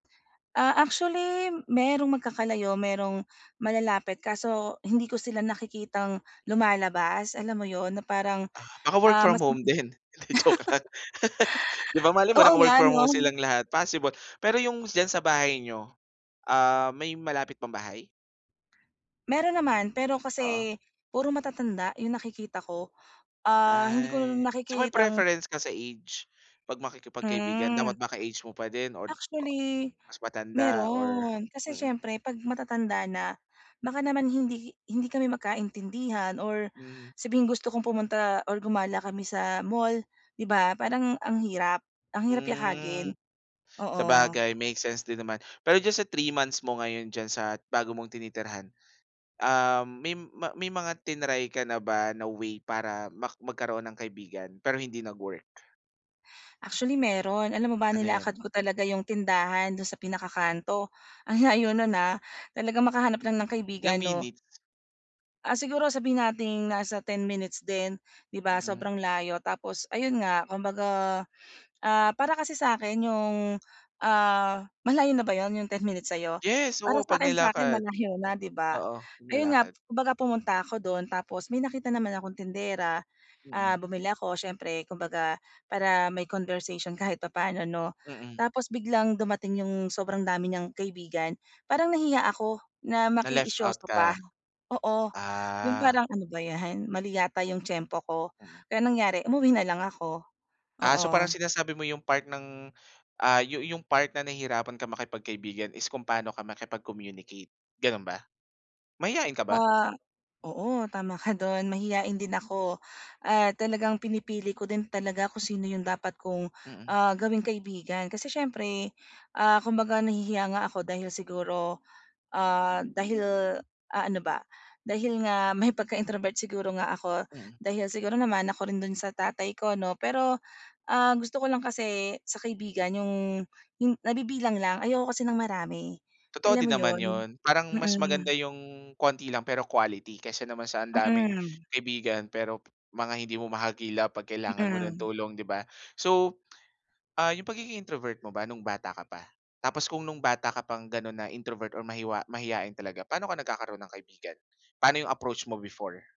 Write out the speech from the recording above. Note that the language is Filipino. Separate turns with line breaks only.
Ah, actually merong magkakalayo, merong malalapit kaso hindi ko sila nakikitang lumalabas, alam mo 'yun, na parang,
Ah, naka-work
ah,
from
mas [unintelligible]
home din, hindi, joke lang. 'Di ba malay mo
Oo
naka-work
nga,
from
'no.
home silang lahat possible. Pero 'yung diyan sa bahay niyo, ah, may malapit pang bahay?
Meron naman pero
Oo.
kasi puro matatanda 'yung nakikita ko, ah, hindi ko
Ay,
na
so may
nakikitang
preference ka sa age? 'Pag makikipagkaibigan dapat
Mm.
baka age mo pa din or, ah,
Actually,
mas matanda or
meron kasi
mm.
siyempre 'pag matatanda na, baka naman hindi hindi kami magkaintindihan or
Hmm.
sabihing gusto kong pumunta or gumala kami sa mall 'di ba
Mm.
parang ang hirap ang hirap
Hmm,
yakagin, oo.
sabagay make sense din naman. Pero diyan sa 3 months mo ngayon diyan sa bago mong tinitirhan, ah, may ma mga triny ka na ba na way para mak magkaroon ng kaibigan, pero hindi nag-work?
Actually meron, alam mo ba
Ano
nilakad
'yan?
ko talaga 'yung tindahan do'n sa pinaka kanto, ang layo no'n, ah. Talagang makahanap lang ng
Ilang
kaibigan, 'no.
minutes?
Ah, siguro sabihin nating nasa 10 minutes din, 'di ba
Mhm.
sobrang layo. Tapos, ayun nga kumbaga, ah, para kasi sa akin 'yong, ah malayo na ba 'yon, 'yong 10 minutes sa'yo?
Yes,
Para
oo pag
sa'kin sa'kin
nilakad.
malayo na 'di ba.
Oo,
Ayun nga,
nilakad.
kumbaga pumunta ako do'n tapos may nakita naman akong tindera.
Mm.
Ah, bumili ako siyempre kumbaga para may conversation kahit papaano 'no,
Mm.
tapos biglang dumating 'yong sobrang dami niyang kaibigan, parang nahiya ako na
Na-left out
makiisyoso pa
ka.
oo. 'Yong
Ah.
parang, "Ano ba 'yan mali yata 'yong tiyempo ko."
Mm.
Kaya nangyari umuwi na lang ako.
Ah, so parang
Oo.
sinasabi mo 'yung part ng, ah, 'yu 'yung part na nahihirapan ka makipagkaibigan is kung pano ka makipag-communicate gano'n ba? Mahiyain ka ba?
Ah oo, tama ka do'n mahiyain din ako. Ah, talagang pinipili ko din talaga kung sino 'yong dapat kong,
Mm.
ah, gawing kaibigan. Kasi siyempre, ah, kumbaga nahihiya nga ako dahil siguro, ah, dahil ah, ano ba, dahil nga may pagka-introvert siguro nga ako.
Mm.
Dahil siguro namana ko rin do'n sa tatay ko 'no, pero, ah, gusto ko lang kasi sa kaibigan 'yong hin nabibilang lang. Ayoko kasi ng marami,
Totoo
alam
din
mo
naman
'yon?
'yun, parang mas maganda
Mm.
'yung konti lang pero quality kaysa naman sa ang daming
Mm.
kaibigan pero mga hindi mo mahagilap 'pag kailangan mo ng
Mm.
tulong, di ba? So, ah, 'yung pagiging introvert mo ba no'ng bata ka pa? Tapos kung no'ng bata ka pang gano'n na introvert or mahiwa mahiyain talaga pano ka nagkakaroon ng kaibigan? Paano 'yung approach mo before?